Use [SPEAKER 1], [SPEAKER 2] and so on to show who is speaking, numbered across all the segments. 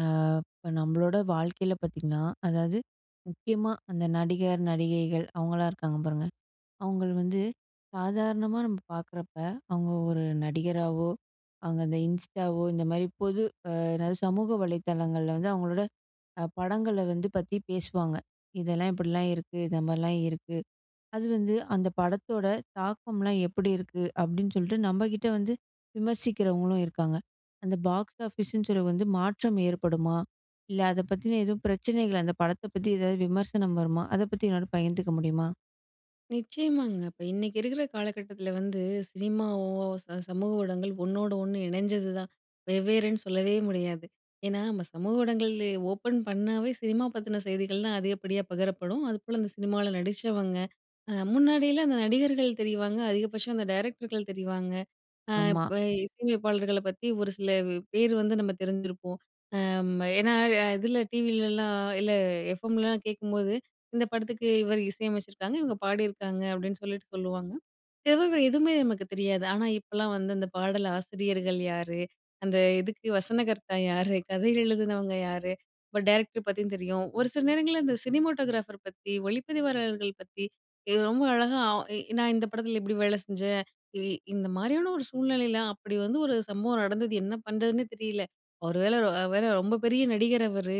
[SPEAKER 1] அ இப்ப நம்மளோட வாழ்க்கையில பாத்தீங்கன்னா அதாவது முக்கியமா அந்த நடிகர், நடிகைகள் அவங்களாம் இருக்காங்க பாருங்க. அவுங்கள வந்து சாதாரணமா நம்ம பார்க்குறப்ப, அவுங்க ஒரு நடிகராவோ, அவுங்க இந்த Instaவோ, இந்த மாரி பொது அ என்னாது சமூக வலைதளங்கள்ள வந்து, அவுங்களோட அ படங்கள வந்து பத்தி பேசுவாங்க. இதெல்லாம் இப்படிலாம் இருக்கு, இந்த மாரிலாம் இருக்கு, அது வந்து அந்த படத்தோட தாக்கம்லாம் எப்படி இருக்கு? அப்டின்னு சொல்ட்டு நம்ம கிட்ட வந்து விமர்சிக்கிறவங்களும் இருக்காங்க. அந்த பாக்ஸ் ஆஃபீஸ்ன்னு சொல்லி வந்து மாற்றம் ஏற்படுமா? இல்ல அத பத்தின எதும் பிரச்சனைகள் அந்த படத்தை பத்தி ஏதாவது விமர்சனம் வருமா? அதை பத்தி என்னோட பகிர்ந்துக்க முடியுமா?
[SPEAKER 2] நிச்சயமாங்க, இப்ப இன்னைக்கு இருக்குற காலகட்டத்தில வந்து, சினிமாவோ ச சமூக ஊடகங்கள் ஒண்ணோடு ஒண்ணு இணஞ்சதுதான், வெவ்வேறுன்னு சொல்லவே முடியாது. ஏன்னா, நம்ம சமூக ஊடங்கள்ள ஓப்பன் பண்ணாவே, சினிமா பத்தின செய்திகள் தான் அதிகப்படியா பகிரப்படும். அதுபோல, அந்த சினிமால நடிச்சவங்க அ முன்னாடியெல்லாம் அந்த நடிகர்கள் தெரிவாங்க, அதிகபட்சம் அந்த டைரக்டர்கள் தெரிவாங்க. அ
[SPEAKER 1] ஆமா.
[SPEAKER 2] இப்ப இசை அமைப்பாளர்கள பத்தி, ஒரு சில பேர் வந்து நம்ம தெரிஞ்சிருப்போம், அம் ஏன்னா, இதில டிவிலலாம் இல்லை எஃப்எம்லாம் கேக்கும்போது, இந்த படத்துக்கு இவரு இசை அமச்சுருக்காங்க, இவுங்க பாடியிருக்காங்க அப்டின்னு சொல்லிட்டு சொல்லுவாங்க, இத தவிர எதுவுமே நமக்கு தெரியாது. ஆனா இப்போலாம் வந்து, அந்த பாடல் ஆசிரியர்கள் யாரு? அந்த இதுக்கு வசனகர்த்தா யாரு? கதை எழுதுனவங்க யாரு? இப்போ டைரக்டர் பத்தியும் தெரியும். ஒரு சில நேரங்கள்ள இந்த சினிமோட்டோகிராஃபர் பத்தி, ஒளிப்பதிவாளர்கள் பத்தி இ ரொம்ப அழகா அ நான் இந்த படத்தில இப்டி வேல செஞ்சேன், இ இந்த மாரியான ஒரு சூழ்நிலையில அப்படி வந்து ஒரு சம்பவம் நடந்தது, என்ன பண்றதுன்னே தெரியல, ஒரு வேள வேற ரொம்ப பெரிய நடிகர் அவரு.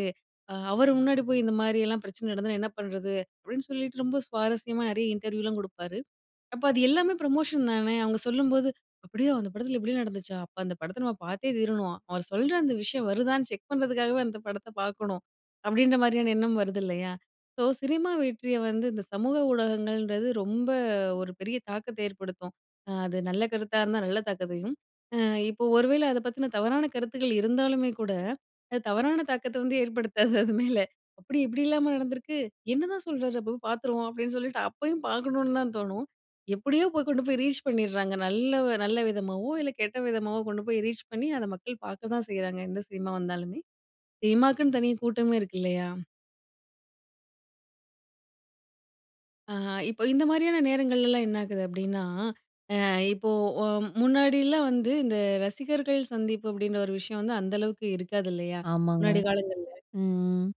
[SPEAKER 2] அ அவரு முன்னாடி போய் இந்தமாரியெல்லாம் பிரச்சன நடந்ததுனா என்ன பண்றது? அப்டின்னு சொல்லிட்டு ரொம்ப சுவாரஸ்யமா நிறைய இன்டர்வியூலாம் குடுப்பாரு. அப்போ, அது எல்லாமே ப்ரமோஷன் தானே? அவுங்க சொல்லும்போது, அப்படியா? அந்த படத்தில இப்படி நடந்துச்சா? அப்போ அந்த படத்தை நம்ம பாத்தே தீரணும், அவர் சொல்ற அந்த விஷயம் வருதான்னு செக் பண்றதுக்காகவே, அந்த படத்த பாக்கணும். அப்படின்ற மாரியான எண்ணம் வருது இல்லையா? ஸோ, சினிமா வெற்றிய வந்து, இந்த சமூக ஊடகங்கள்ன்றது ரொம்ப ஒரு பெரிய தாக்கத்த ஏற்படுத்தும். அது நல்ல கருத்தா இருந்தா நல்ல தாக்கத்தையும், அ இப்போ ஒரு வேள அத பத்தின தவறான கருத்துக்கள் இருந்தாலுமே கூட, அது தவறான தாக்கத்த வந்து ஏற்படுத்தாது, அது மேல. அப்டி இப்டிலாமா நடந்திருக்கு? என்னதான் சொல்றார் அப்போ? பாத்துருவோம் அப்டின்னு சொல்லிட்டு அப்பயும் பாக்கணுன்னு தான் தோணும். எப்படியோ போய் கொண்டு போய் ரீச் பண்ணிர்ராங்க, நல்ல ஒ நல்ல விதமாவோ இல்ல கெட்ட விதமாவோ கொண்டு போய் ரீச் பண்ணி, அத மக்கள் பாக்க தான் செய்றாங்க. எந்த சினிமா வந்தாலுமே, சினிமாக்குன்னு தனி கூட்டமே இருக்கு இல்லையா? ஆஹா. இப்போ இந்தமாரியான நேரங்கள்லலாம் என்னாகுது அப்பிடின்னா, அ இப்போ, ஒம் முன்னாடிலாம் வந்து இந்த ரசிகர்கள் சந்திப்பு அப்பிடின்ற ஒரு விஷயம் வந்து அந்த அளவுக்கு இருக்காது, இல்லயா!
[SPEAKER 1] ஆமாங்க.
[SPEAKER 2] முன்னாடி காலங்கள்ல.
[SPEAKER 1] ம். ம்.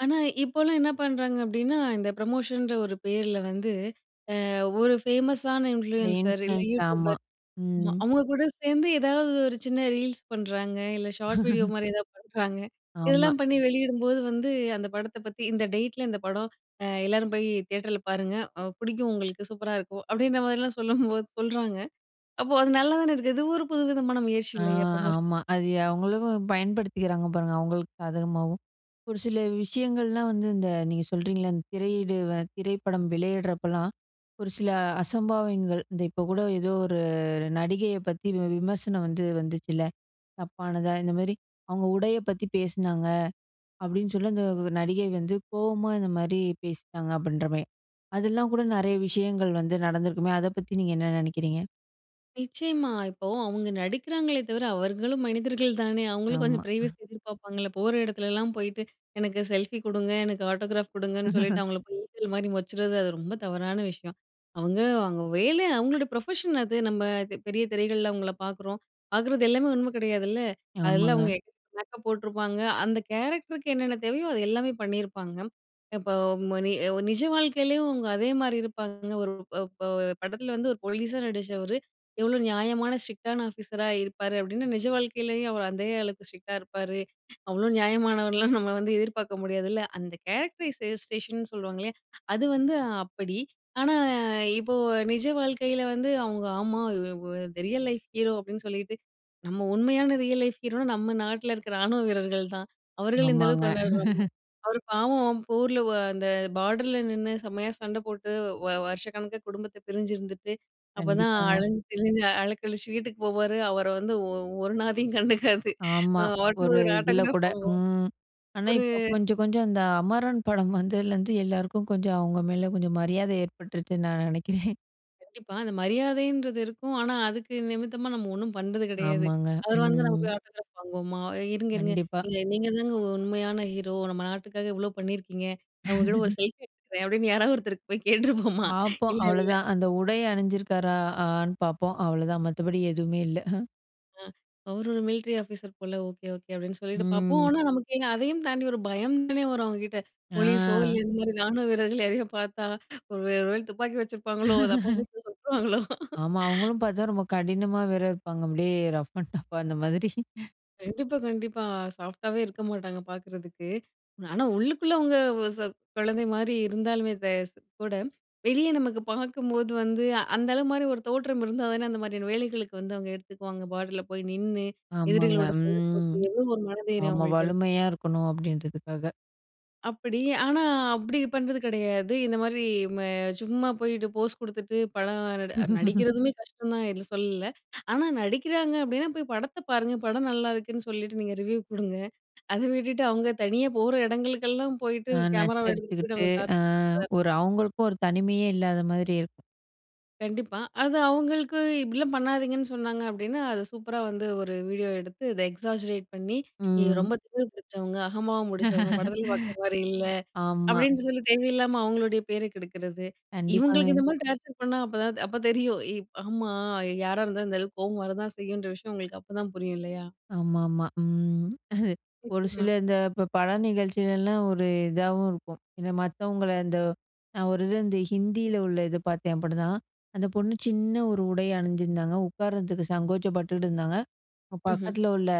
[SPEAKER 2] ஆனா, இப்போலாம் என்ன பண்ணுறாங்க அப்பிடின்னா, இந்த ப்ரமோஷன்ற ஒரு பேர்ல வந்து, அ ஒரு ஃபேமஸான இன்ஃப்ளூயென்சர். இல்ல,
[SPEAKER 1] இன்ஃபுளுயன்ஸ். ஆமா.
[SPEAKER 2] YouTubeபர் ஆமா.
[SPEAKER 1] ம்.
[SPEAKER 2] அவுங்ககூட சேர்ந்து, ஏதாவது ஒரு சின்ன ரீல்ஸ் பண்ணுறாங்க இல்ல ஷார்ட் வீடியோ மாரி எதாவது பண்ணுறாங்க.
[SPEAKER 1] ஆமா.
[SPEAKER 2] இதெல்லாம் பண்ணி வெளியிடும்போது வந்து அந்த படத்த பத்தி "இந்த டேட்ல, இந்த படம் அ எல்லாரும் போயி தியேட்டர்ல பாருங்க. அ பிடிக்கும் உங்களுக்கு. சூப்பரா இருக்கும்." அப்பிடின்றமாரிலாம் சொல்லும்போது சொல்றாங்க. அப்போ, அது நல்லாதான இருக்கு. இது ஒரு புதுவிதமான முயற்சி
[SPEAKER 1] ஆ
[SPEAKER 2] இல்லயா! ப்ரமோஷன்.
[SPEAKER 1] ஆமா. அது அவுங்களுக்கும் பயன்படுத்திக்கிறாங்க, பாருங்க. அவுங்களுக்கு சாதகமாவும். ஒரு சில விஷயங்கள்லாம் வந்து இந்த நீங்க சொல்கிறீங்கல்ல. இந்த திரையீடு அ திரைப்படம் வெளையிடுறப்பல்லாம், ஒரு சில அசம்பாவிதங்கள் இந்த இப்ப கூட ஏதோ ஒரு நடிகைய பத்தி வி விமர்சனம் வந்து வந்துச்சுல்ல. தப்பானதா, இந்தமாரி அவுங்க உடைய பத்தி பேசினாங்க. அப்பிடின்னு சொல்லி, அந்த நடிகை வந்து கோவமா இந்தமாரி பேசிட்டாங்க, அப்பிடின்றமாரி. அதெல்லாம் கூட நெறைய விஷயங்கள் வந்து நடந்திருக்குமே! அத பத்தி நீங்க என்ன நினைக்கிறீங்க?
[SPEAKER 2] நிச்சயமா, இப்போ அவுங்க நடிக்கிறாங்களே தவிர அவர்களும் மனிதர்கள் தானே! அவுங்களும் கொஞ்சம்
[SPEAKER 1] ஆமா.
[SPEAKER 2] பிரைவசி எதிர்ப்பார்ப்பாங்கல்ல? போற எடத்துலலாம் போயிட்டு, "எனக்கு செல்ஃபி குடுங்க, எனக்கு ஆட்டோகிராப் குடுங்க"ன்னு சொல்லிட்டு அவுங்கள போயி ஈசல் மாரி மொச்சறது, அது ரொம்ப தவறான விஷயம். அவுங்க அவுங்க வேலை, அவுங்களோட ப்ரொஃபஷன் அது. நம்ம அது பெரிய திரைகள்ள அவுங்கள பாக்குறோம், பாக்குறது எல்லாமே உண்மை கிடையாதுல்ல? அதெல்லாம் அவுங்க
[SPEAKER 1] ஆமாங்க.
[SPEAKER 2] எ மேக்கப் போட்டுருப்பாங்க, அந்த கேரக்டருக்கு என்னென்ன தேவையோ அது எல்லாமே பண்ணிருப்பாங்க. இப்போ ம நி நிஜவாழ்க்கையிலயும் அவுங்க அதே மாரி இருப்பாங்க, ஒரு ப ப படத்தில வந்து ஒரு போலீஸா நடிச்சவரு "எவ்வளோ நியாயமான ஸ்ட்ரிக்ட் டான ஆஃபீஸரா இருப்பாரு" அப்டின்னு, நிஜ வாழ்க்கைலயும் அவர் அதே அளவுக்கு ஸ்ட்ரிக்டா இருப்பாரு அவ்ளோ நியாயமானவர்னெல்லாம் நம்ம வந்து எதிர்பாக்க முடியாதுல்ல! அந்த "கேரக்டரைஸ்டேஷன்" சொல்வாங்கல்லயா, அது வந்து அப்படி. ஆனா, இப்போ நிஜ வாழ்க்கையில வந்து அவுங்க, "ஆமா இ வொ இந்த ரியல் லைஃப் ஹீரோ" அப்டின்னு சொல்லிட்டு, நம்ம உண்மையான ரியல் லைஃப் ஹீரோனா நம்ம நாட்டில இருக்கிற ராணுவ வீரர்கள் தான். அவர்கள இந்த அளவுக்கு
[SPEAKER 1] ஆமாங்க.
[SPEAKER 2] கொண்டாடுரோம்மா? அவரு பாவம், போர்ல வ அந்த பாடர்ல நின்னு செம்மையா சண்ட போட்டு, வ வருஷக்கணக்கா குடும்பத்தை பிரிஞ்சிருந்துட்டு, அப்போதான்
[SPEAKER 1] கண்டிப்பாங்க.
[SPEAKER 2] அலஞ்சி திரிஞ்சு அலக்கழிச்சி வீட்டுக்கு போவாரு, அவர வந்து ஒ ஒரு நாதியும் கண்டுக்காது, அ
[SPEAKER 1] ஆமா
[SPEAKER 2] ஆட்டோ
[SPEAKER 1] ஒரு
[SPEAKER 2] ஒரு
[SPEAKER 1] இதில
[SPEAKER 2] ஆட்டோகிராப்
[SPEAKER 1] கூட.
[SPEAKER 2] வாங்குவோம்.
[SPEAKER 1] ம், ஆனா
[SPEAKER 2] ஒரு
[SPEAKER 1] இப்போ கொஞ்சம், கொஞ்சம் அந்த அமரன் படம் வந்ததுலேருந்து, எல்லாருக்கும் கொஞ்சம் அவுங்க மேல கொஞ்சம் மரியாதை ஏற்பட்டுருச்சுன்னு நான் நினைக்கிறேன்.
[SPEAKER 2] இப்ப அந்த மரியாதைன்றது இருக்கும். ஆனா, அதுக்கு நிமித்தமா நம்ம ஒண்ணும் பண்றது கிடையாது.
[SPEAKER 1] ஆமாங்க.
[SPEAKER 2] அவரு வந்து நமக்கு
[SPEAKER 1] ம்.
[SPEAKER 2] ஆட்டோகிராப் வாங்குவோமா! இருங்க, இருங்க.
[SPEAKER 1] கண்டிப்பா.
[SPEAKER 2] நீங்க நீங்கதாங்க உண்மையான ஹீரோ, நம்ம நாட்டுக்காக இவ்ளோ பண்ணியிருக்கீங்க. நான் உங்ககிட்ட ஒரு செல்ஃபி எடுத்துக்கிறேன் அப்பிடின்னு யாராவது ஒருத்தருக்கு போய் கேட்டுருப்போமா!
[SPEAKER 1] பாப்போம்.
[SPEAKER 2] இல்லல்ல
[SPEAKER 1] அவ்ளோதான். அந்த உடை அணிஞ்சிருக்காரா! ஆன்னு பாப்போம். அவ்ளதான் மத்தபடி எதுவுமே இல்ல.
[SPEAKER 2] ஆ அவரு ஒரு மிலிட்ரி ஆபீஸர் போல. Okay, okay. அப்பிடின்னு சொல்லிட்டு பார்ப்போம்.
[SPEAKER 1] ம்.
[SPEAKER 2] ஆனா நமக்கு ஏங்க அதையும் தாண்டி ஒரு பயம் தானே வரும் அவுங்கக்கிட்ட போலீஸ் ஓ இல்ல,
[SPEAKER 1] ஆ.
[SPEAKER 2] இந்த மாரி ராணுவ வீரர்கள் யாரையோ பார்த்தா ஒரு, ஒரு வேலை துப்பாக்கி வச்சிருப்பாங்களோ! அத அப்ப அப்ப எடுத்து சுட்டுருவாங்களோ.
[SPEAKER 1] ஆமா. அவுங்களும் பாத்தா, ரொம்ப கடினமா வேற இருப்பாங்க. அப்பிடியே ரஃப் அண்ட் டஃப்பா அந்த மாதிரி.
[SPEAKER 2] கண்டிப்பா, கண்டிப்பா. சாஃப்ட்டாவே இருக்க மாட்டாங்க பார்க்கிறதுக்கு. ஆனா, உள்ளுக்குள்ள அவுங்க அ குழந்தைமாரி இருந்தாலுமே தெ கூட, வெளிய நமக்கு பார்க்கும்போது வந்து அந்த ஆளுமாரி ஒரு தோற்றம் இருந்தா, அதானே அந்த மாரியான வேலைகளுக்கு வந்து அவுங்க எடுத்துக்குவாங்க பார்டர்ல போய் நின்னு
[SPEAKER 1] ஆமாங்க.
[SPEAKER 2] எதிரிகளோட சண்ட போட்டு
[SPEAKER 1] ம்.
[SPEAKER 2] [unintelligible] ஒரு மன தைரியம்
[SPEAKER 1] ஆமா
[SPEAKER 2] அவுங்களுக்கு இருக்கு.
[SPEAKER 1] வலிமையா இருக்கணும் அப்பிடின்றதுக்காக.
[SPEAKER 2] அப்பிடி ஆனா, அப்படி பண்றது கிடையாது. இந்த மாதிரி ம சும்மா போயிட்டு போஸ் கொடுத்துட்டு, படம் நட நடிக்கிறதுமே கஷ்டம் தான். இல்ல சொல்லல. ஆனா, நடிக்கிறாங்க அப்பிடின்னா போய் படத்த பாருங்க. படம் நல்லாயிருக்குன்னு சொல்லிட்டு நீங்க ரிவ்யூ குடுங்க. அதை விட்டுட்டு அவுங்க தனியா போற இடங்களுக்கெல்லாம் போயிட்டு,
[SPEAKER 1] அ
[SPEAKER 2] கேமராவ எடுத்துட்டு போயிட்டு
[SPEAKER 1] நச்சரிச்சுக்கிட்டு
[SPEAKER 2] அவுங்கள
[SPEAKER 1] அ
[SPEAKER 2] டார்ச்சர் பண்ற
[SPEAKER 1] ஒரு அவுங்களுக்கும் 1 தனிமையே இல்லாத மாதிரி இருக்கும்.
[SPEAKER 2] கண்டிப்பா. அது அவுங்களுக்கு இப்பிடிலாம் பண்ணாதீங்கன்னு சொன்னாங்க அப்பிடின்னா அத சூப்பரா வந்து ஒரு வீடியோ எடுத்து இத எக்ஸாஜரேட் பண்ணி நீங்க
[SPEAKER 1] ம்.
[SPEAKER 2] ரொம்ப திமிர் பிடிச்சவங்க, அகம்பாவம் பிடிச்சவங்க, படத்தில பாக்குறமாரி இல்ல.
[SPEAKER 1] ஆமா.
[SPEAKER 2] அப்பிடின்னு சொல்லி தேவையில்லாம அவுங்களுடைய பேரை கெடுக்கிறது. இவுங்களுக்கு
[SPEAKER 1] கண்டிப்பாங்க.
[SPEAKER 2] இந்த மாரி டார்ச்சர் பண்ணா அப்பதான் அப்ப தெரியும். ஏ ஆமா. யாரா இருந்தாலும் இந்த அளவுக்கு கோவம் வரதான் செய்யுன்ற விஷயம் அவுங்களுக்கு அப்பதான் புரியும் இல்லயா!
[SPEAKER 1] ஆமா, ஆமா. ம். அ ஒரு
[SPEAKER 2] நிச்சயமா.
[SPEAKER 1] சிலர் இந்த இப்ப ப படம் நிகழ்ச்சியில எல்லாம் ஒரு இதவும் இருக்கும். ஏனா மத்தவங்கள இந்த நான் ஒரு இது வந்து ஹிந்தில உள்ள இது பார்த்தேன் அப்பிடிதான். அந்த பொண்ணு சின்ன ஒரு உடை அணிஞ்சிருந்தாங்க. உட்கார்றதுக்கு சங்கோசப்பட்டுட்டு இருந்தாங்க.
[SPEAKER 2] ம்ஹ்ம்.
[SPEAKER 1] பக்கத்தில உள்ள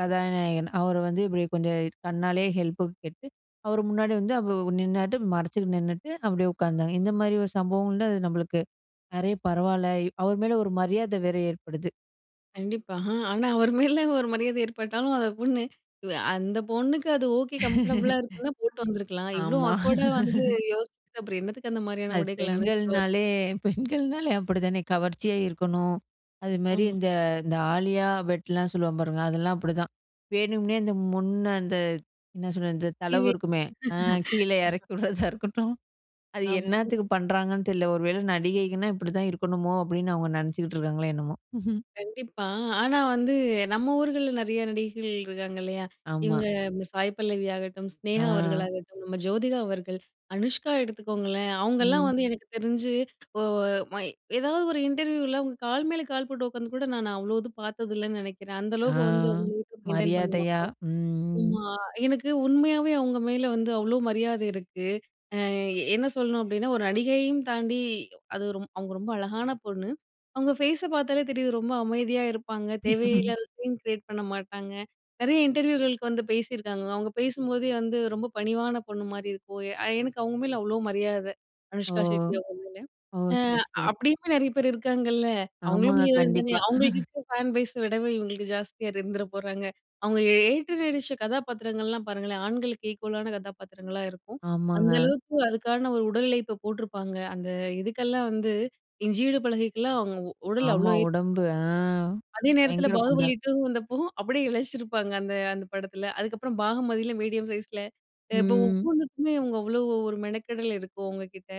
[SPEAKER 1] கதாநாயகன் அவரு வந்து இப்பிடியே கொஞ்சம் கண்ணாலே ஹெல்ப்புக்கு கேட்டு அவரு முன்னாடி வந்து அவ்வ நின்னாட்டு மறச்சிக்கிட்டு நின்னுட்டு, அப்பிடியே உட்கார்ந்தாங்க. இந்தமாரி ஒரு சம்பவங்கள்ல அது நம்மளுக்கு நிறைய பரவால்ல அவரு மேல ஒரு மரியாதை வேற ஏற்படுது.
[SPEAKER 2] கண்டிப்பா. அ, ஆ ஆனா அவரு மேலே ஒரு மரியாதை ஏற்பட்டாலும் அத பொண்ணு, அ அந்த பொண்ணுக்கு அது ஓகே கம்ஃபர்டபுளா இருக்குன்னா, போட்டு வந்துருக்கலாம். இவ்ளோ
[SPEAKER 1] ஆமா.
[SPEAKER 2] ஆக்வேர்டா வந்து யோசிச்சுட்டு அப்புறம் என்னத்துக்கு அந்த மாரியான
[SPEAKER 1] அது
[SPEAKER 2] உடைகள அனுஞ்சிட்டு வர
[SPEAKER 1] பெண்கள்னாலே பெண்கள்னாலே அப்பிடி தானே! கவர்ச்சியா இருக்கணும். அதுமாரி
[SPEAKER 2] ஆமா.
[SPEAKER 1] இந்த இந்த ஆலியா பெட்லாம் சொல்வாங்க பாருங்க அதெல்லாம் அப்பிடிதான் வேணும்னே இந்த முன்ன அந்த என்ன சொல்றது இந்த தளவு இருக்குமே! அ
[SPEAKER 2] [unintelligible]
[SPEAKER 1] கீழே இறக்கி விடுறதா இருக்கட்டும், அது
[SPEAKER 2] ஆமா.
[SPEAKER 1] என்னத்துக்கு பண்ணுறாங்கன்னு தெரில. ஒரு வேள நடிகைகன்கனா இப்பிடிதான் இருக்கணுமோ! அப்பிடின்னு அவுங்க நினைச்சுக்கிட்டு இருக்காங்களோ, என்னமோ!
[SPEAKER 2] கண்டிப்பா. ஆனா, வந்து நம்ம ஊர்கள்ல நிறைய நடிகைகள் இருக்காங்க இல்லயா!
[SPEAKER 1] ஆமா.
[SPEAKER 2] இவுங்க மி சாய் பல்லவி ஆகட்டும்,
[SPEAKER 1] ஆ.
[SPEAKER 2] சினேகா அவர்களாகட்டும், நம்ம ஜோதிகா அவர்கள், அனுஷ்கா எடுத்துக்கோங்களேன்! அவுங்கலாம்
[SPEAKER 1] ம்.
[SPEAKER 2] வந்து எனக்கு தெரிஞ்சு ஓ ஓ மை ஏதாவது ஒரு இன்டர்வியூல அவுங்க கால் மேல கால் போட்டு உட்காந்துகூட நான் அவ்ளோ இது பார்த்தது இல்லன்னு நினைக்கிறேன். அந்த
[SPEAKER 1] ஆ.
[SPEAKER 2] அளவுக்கு வந்து அவுங்க [unintelligible] மெயின்டன் பண்ணுவாங்க.
[SPEAKER 1] மரியாதையா. ம், ம், ம்.
[SPEAKER 2] ஆமா, எனக்கு உண்மையாவே அவுங்க மேல வந்து அவ்ளோ மரியாதை இருக்கு. அ என்ன சொல்லணும் அப்பிடின்னா ஒரு நடிகையையும் தாண்டி அது ஒரு அவுங்க ரொம்ப அழகான பொண்ணு. அவுங்க ஃபேஸ பார்த்தாலே தெரியுது, ரொம்ப அமைதியா இருப்பாங்க. தேவையில்லாத சீன் கிரியேட் பண்ண மாட்டாங்க. நிறைய இன்டர்வியூகளுக்கு வந்து பேசியிருக்காங்க. அவுங்க பேசும்போதே வந்து ரொம்ப பணிவான பொண்ணுமாரி இருக்கும். அ எனக்கு அவுங்க மேல அவ்ளோ மரியாதை
[SPEAKER 1] ஓ!
[SPEAKER 2] அனுஷ்கா ஷெட்டி அவுங்க மேல.
[SPEAKER 1] ஓ!
[SPEAKER 2] அ
[SPEAKER 1] சரி, சரி.
[SPEAKER 2] அப்பிடி நிறைய பேர் இருக்காங்கல்ல. அவுங்களும்
[SPEAKER 1] ஆமாங்க.
[SPEAKER 2] ஹீரோயின் தானே!
[SPEAKER 1] கண்டிப்பா.
[SPEAKER 2] அவுங்களுக்கு இருக்கிற ஃபேன் பேஸ விடவே இவுங்களுக்கு ஜாஸ்தியா இருந்துற போறாங்க. அவுங்க ஏ ஏற்று நடிச்ச கதாபாத்திரங்கள்லாம் பாருங்களேன்! ஆண்களுக்கு ஈக்குவலான கதாபாத்திரங்களா இருக்கும். அந்த
[SPEAKER 1] ஆமாங்க.
[SPEAKER 2] அளவுக்கு அதுக்கான ஒரு உடல் உழைப்ப போட்டிருப்பாங்க. அந்த இதுக்கெல்லாம் வந்து இஞ்சி இடுப்பழகிக்கிலாம் அவுங்க உ உடல அவ்ளோ
[SPEAKER 1] ஆமா.
[SPEAKER 2] ஏத்தி
[SPEAKER 1] உடம்பு அ
[SPEAKER 2] அதே நேரத்தில
[SPEAKER 1] பயங்கர குண்டா.
[SPEAKER 2] பாகுபலி 2 வந்தப்போ அப்பிடியே இலைச்சிருப்பாங்க. அந்த அந்த படத்தில. அதுக்கப்புறம் பாகமதியில மீடியம் சைஸ்ல, அ இப்ப
[SPEAKER 1] ம்.
[SPEAKER 2] ஒவ்வொன்னுக்குமே அவுங்க அவ்ளோ ஒரு மெனக்கெடல் இருக்கும் அவங்கக்கிட்ட.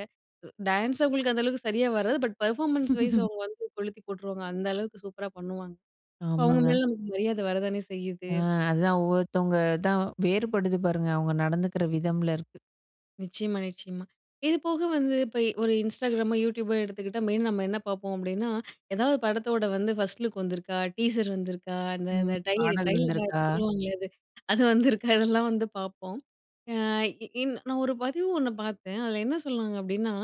[SPEAKER 2] உ டான்ஸ் அவுங்களுக்கு அந்த அளவுக்கு சரியா வராது. பட் பெர்ஃபார்மன்ஸ் வைஸ் அவுங்க வந்து கொளுத்தி போட்டுருவாங்க. அந்த அளவுக்கு சூப்பரா பண்ணுவாங்க. இப்போ அவுங்க
[SPEAKER 1] ஆமாங்க.
[SPEAKER 2] மேல நமக்கு மரியாதை வர தானே செய்யுது.
[SPEAKER 1] ஆ அதுதான் ஒவ்வொருத்தவுங்க தான் வேறுபடுது பாருங்க. அவுங்க நடந்துக்கிற விதம்ல இருக்கு.
[SPEAKER 2] நிச்சயமா, நிச்சயமா. இதுபோக வந்து இப்ப ஒரு Instagramமோ YouTubeபோ எடுத்துக்கிட்டா மெயினா நம்ம என்ன பாப்போம். அப்படின்னா, எதாவது படத்தோட வந்து ஃபர்ஸ்ட் லுக் வந்துருக்கா? டீசர் வந்துருக்கா? அந்த, இந்த
[SPEAKER 1] ம்.
[SPEAKER 2] டையு
[SPEAKER 1] பாடல்
[SPEAKER 2] ட்ரெய்லரோ ஏதோ
[SPEAKER 1] வந்துருக்கா?
[SPEAKER 2] சொல்லுவாங்களே, அது. அது வந்துருக்கா இதெல்லாம் வந்து பாப்போம். ஆ இ இன் நான் ஒரு பதிவு ஒண்ணு பாத்தேன். அதுல என்ன சொல்றாங்க அப்டின்னா,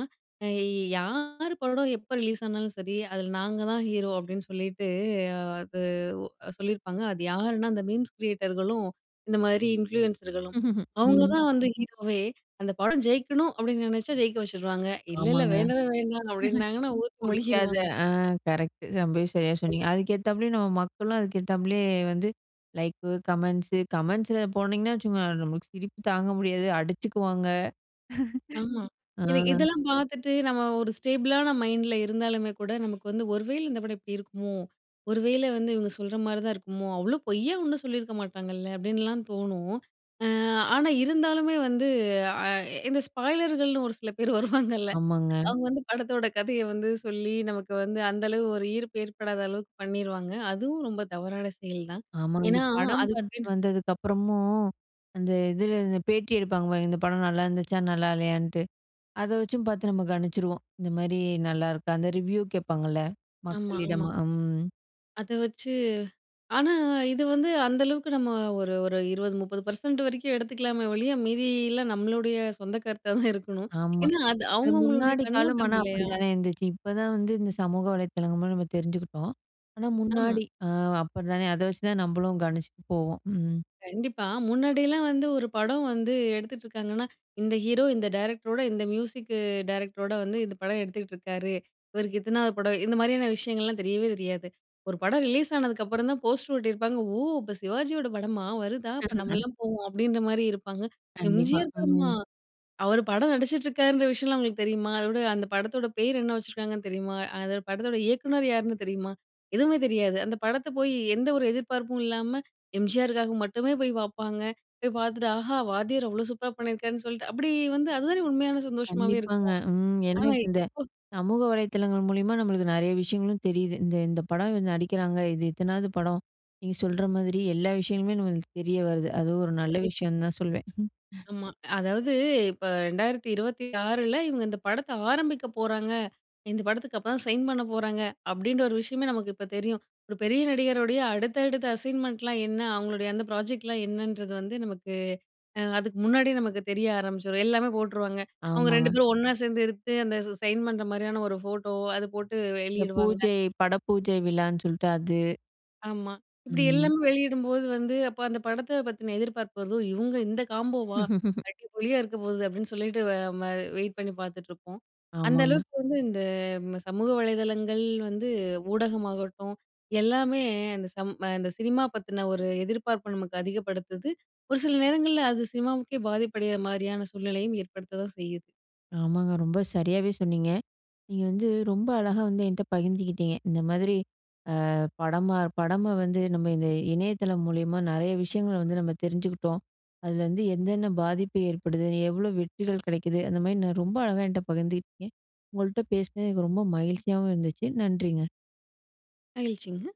[SPEAKER 2] யி "யாரு படம் எப்ப ரிலீஸ் ஆனாலும் சரி. அதுல நாங்க தான் ஹீரோ" அப்டின்னு சொல்லிட்டு. அ அது ஒ சொல்லியிருப்பாங்க. அது யாருன்னா அந்த மீம்ஸ் கிரியேட்டர்களும், இந்த மாதிரி இன்ஃப்ளூயன்ஸர்களும் அவுங்க
[SPEAKER 1] ம்.
[SPEAKER 2] தான் வந்து ஹீரோவே "அந்த படம் ஜெயிக்கணும்" அப்டின்னு நெனச்சா, ஜெயிக்க வச்சுருவாங்க. "இல்ல, இல்ல
[SPEAKER 1] ஆமாங்க.
[SPEAKER 2] வேணவே, வேண்டாம்" அப்டின்னாங்கன்னா ஊத்தி
[SPEAKER 1] புடிக்காத,
[SPEAKER 2] மொழிகிருவாங்க.
[SPEAKER 1] ஆ கரெக்ட்‌டு. ரொம்பவே சரியா
[SPEAKER 2] [unintelligible]
[SPEAKER 1] சொன்னீங்க. அதுக்கேத்தப்பலயும், நம்ம மக்களும் அதுக்கேத்தாப்புலயே வந்து லைக்கு, கமெண்ட்ஸு கமெண்ட்ஸில போனீங்கன்னா வச்சுக்கோங்க. நம்மளுக்கு சிரிப்பு தாங்க முடியாது, அடிச்சுக்குவாங்க.
[SPEAKER 2] ஆமா.
[SPEAKER 1] அ,
[SPEAKER 2] இத இதெல்லாம் பாத்துட்டு நம்ம ஒரு ஸ்டேபிள்ளான மைண்டுல இருந்தாலுமே கூட, நமக்கு வந்து, "ஒரு வேல இந்த படம் இப்படி இருக்குமோ! ஒரு வேல வந்து இவுங்க சொல்ற மாரி தான் இருக்குமோ! அவுங்களும் பொய்யா ஒண்ணும் சொல்லிருக்க மாட்டாங்கல்ல!" அப்படின்லாம் தோணும். ஆ ஆனா இருந்தாலுமே வந்து அ எ இந்த ஸ்பாய்லர்கள்ன்னு ஒரு சில பேர் வருவாங்கல்ல,
[SPEAKER 1] ஆமாங்க.
[SPEAKER 2] அவுங்க வந்து படத்தோட கதைய வந்து சொல்லி, நமக்கு வந்து அந்த அளவு ஒரு ஈர்ப்பு ஏற்படாத அளவுக்கு பண்ணிருவாங்க. அதுவும் ரொம்ப தவறான செயல் தான்.
[SPEAKER 1] ஆமா. இந்த
[SPEAKER 2] ஏனா,
[SPEAKER 1] படம்
[SPEAKER 2] அதுக்கு
[SPEAKER 1] பாத்துட்டு வந்ததுக்கப்புறமும், அந்த இதுல அந்த பேட்டி எடுப்பாங்க பாருங்க. இந்த படம் நல்லாருந்துச்சா, நல்லால்லையான்ட்டு, அத வச்சும் பாத்து நம்ம கணிச்சுருவோம். இந்த மாரி நல்லாருக்கா அந்த ரிவ்யூ கேட்பாங்கல்ல!
[SPEAKER 2] ஆமா.
[SPEAKER 1] மக்களிடம்
[SPEAKER 2] ஆமா.
[SPEAKER 1] அம்.
[SPEAKER 2] அத வச்சு ஆனா, இது வந்து அந்த அளவுக்கு நம்ம ஒரு ஒரு 20, 30% வரைக்கும் எடுத்துக்கலாமே ஒழிய, மீதி எல்லாம் நம்மளுடைய சொந்த கருத்தா தான் இருக்கணும்.
[SPEAKER 1] ஆமா.
[SPEAKER 2] ஏன்னா அது
[SPEAKER 1] அது
[SPEAKER 2] அவுங்க அவுங்களுடைய
[SPEAKER 1] முன்னாடி காலம்
[SPEAKER 2] கண்ணோட்டம்
[SPEAKER 1] ஆனா, அப்படி
[SPEAKER 2] இல்லையா?
[SPEAKER 1] தானே இருந்துச்சு. இப்ப தான் வந்து, இந்த சமூக வலைத்தளங்கள் மூலமா நம்ம தெரிஞ்சுக்கிட்டோம். ஆனா,
[SPEAKER 2] ஆமா.
[SPEAKER 1] முன்னாடி ஆ அப்படி தானே அதை வச்சு தான் நம்மளும் கணிச்சுட்டு போவோம். ம்.
[SPEAKER 2] கண்டிப்பா. முன்னாடிலாம் வந்து ஒரு படம் வந்து எடுத்துட்டுருக்காங்கன்னா, இந்த ஹீரோ, இந்த டைரக்டரோட, இந்த மியூசிக்கு டைரக்டரோட வந்து, இந்த படம் எடுத்துட்டுருக்காரு. இவருக்கு இத்தனாவது படம். இந்த மாரியான விஷயங்கள்லாம் தெரியவே தெரியாது. ஒரு படம் ரிலீஸ் ஆனதுக்கப்புறம் தான், போஸ்டரு ஒட்டியிருப்பாங்க. ஓ! இப்ப சிவாஜியோட படமா? வருதா? அப்ப நம்மலாம் போவோம்! அப்டின்ற மாரியும் இருப்பாங்க.
[SPEAKER 1] கண்டிப்பா.
[SPEAKER 2] எம்ஜிஆர் படமா
[SPEAKER 1] ம்.
[SPEAKER 2] அவரு படம் நடிச்சிட்டுருக்காருன்ற விஷயம்லாம். அவுங்களுக்கு தெரியுமா? அதோட, அந்த படத்தோட பேர் என்ன வச்சுருக்காங்கன்னு தெரியுமா? அந்த படத்தோட இயக்குனர் யாருன்னு தெரியுமா? எதுவுமே தெரியாது. அந்த படத்த போயி எந்த ஒரு எதிர்பார்ப்பும் இல்லாம, எம்ஜிஆருக்காக மட்டுமே போய் பாப்பாங்க. போய் பாத்துட்டு ஆஹா! வாத்தியார் அவ்ளோ சூப்பரா பண்ணிருக்காருன்னு சொல்ட்டு அப்படி வந்து அது தானே உண்மையான சந்தோஷமாவே
[SPEAKER 1] கண்டிப்பாங்க,
[SPEAKER 2] இருக்கும்.
[SPEAKER 1] ம். ஏன்னா
[SPEAKER 2] ஆனா,
[SPEAKER 1] இப்ப இந்த,
[SPEAKER 2] இப்போ
[SPEAKER 1] சமூக வலைதளங்கள் மூலியமா நம்மளுக்கு நெறைய விஷயங்களும் தெரியிது. இந்த இந்த படம் இவு நடிக்கிறாங்க, இது இத்தனாது படம், நீங்க சொல்ற மாதிரி எல்லா விஷயங்களுமே நம்மளுக்கு தெரிய வருது. அதுவும் ஒரு நல்ல
[SPEAKER 2] கண்டிப்பா,
[SPEAKER 1] விஷயன்னு தான் சொல்வேன்.
[SPEAKER 2] ஆமா, அதாவது இப்ப 2026ல இவுங்க இந்த படத்த ஆரம்பிக்க போறாங்க. இந்த படத்துக்கு அப்பதான் சைன் பண்ண போறாங்க. அப்டின்ற ஒரு விஷயமே நமக்கு இப்ப தெரியும். ஒரு பெரிய நடிகருடைய அடுத்த, அடுத்த அசைன்மெண்ட்லாம் என்ன? அவங்களுடைய அந்த ப்ராஜெக்ட்லாம் என்னன்றது வந்து, நமக்கு, அ அதுக்கு முன்னாடியே நமக்கு தெரிய ஆரம்பிச்சுரும். எல்லாமே போட்டுருவாங்க. அவுங்க 2
[SPEAKER 1] ஆமாங்க.
[SPEAKER 2] பேரும் ஒண்ணா சேந்து எடுத்து. அந்த சைன் பண்ற மாரியான ஒரு ஃபோட்டோ, அது போட்டு
[SPEAKER 1] இந்த
[SPEAKER 2] வெளியிடுவாங்க.
[SPEAKER 1] பூஜை, பட பூஜை விழான்னு சொல்ட்டு அது.
[SPEAKER 2] ஆமா. இப்புடி
[SPEAKER 1] ம்.
[SPEAKER 2] எல்லாமே வெளியிடும்போது வந்து, அப்ப அந்த படத்த பத்தின எதிர்பார்ப்பு வருதோ, "இவுங்க இந்த காம்போவா அடிபொலியா இருக்க போகுது" அப்டின்னு சொல்லிட்டு, வேற மாறி! வெயிட் பண்ணி பாத்துட்டுருப்போம். அந்த
[SPEAKER 1] ஆமாங்க.
[SPEAKER 2] அளவுக்கு வந்து இந்த ம சமூக வலைதளங்கள் வந்து, ஊடகமாகட்டும், எல்லாமே அந்த சம் அந்த சினிமா பத்தன ஒரு எதிர்பார்ப்ப நமக்கு அதிகப்படுத்துது. ஒரு சில நேரங்கள்ல அது சினிமாவுக்கே, பாதிப்படையிற மாரியான சூழ்நிலையும் ஏற்படுத்த தான் செய்யுது.
[SPEAKER 1] ஆமாங்க, ரொம்ப சரியாவே சொன்னீங்க. நீங்க வந்து, ரொம்ப அழகா வந்து என்ட்ட பகிர்ந்துகிட்டீங்க. இந்த மாதிரி, ஆ படமா படம வந்து நம்ம இந்த இணையதளம் மூலியமா நெறைய விஷயங்கள வந்து நம்ம தெரிஞ்சுக்கிட்டோம். அதுல வந்து என்னென்ன பாதிப்பு ஏற்படுது? எவ்வளோ வெற்றிகள் கெடைக்குது? அந்த மாரி நான் ரொம்ப அழகா என்ட்ட பகிர்ந்துகிட்டீங்க. உங்கள்ட்ட பேசனது எனக்கு ரொம்ப மகிழ்ச்சியாவும் இருந்துச்சு. நன்றிங்க.
[SPEAKER 2] மகிழ்ச்சிங்க.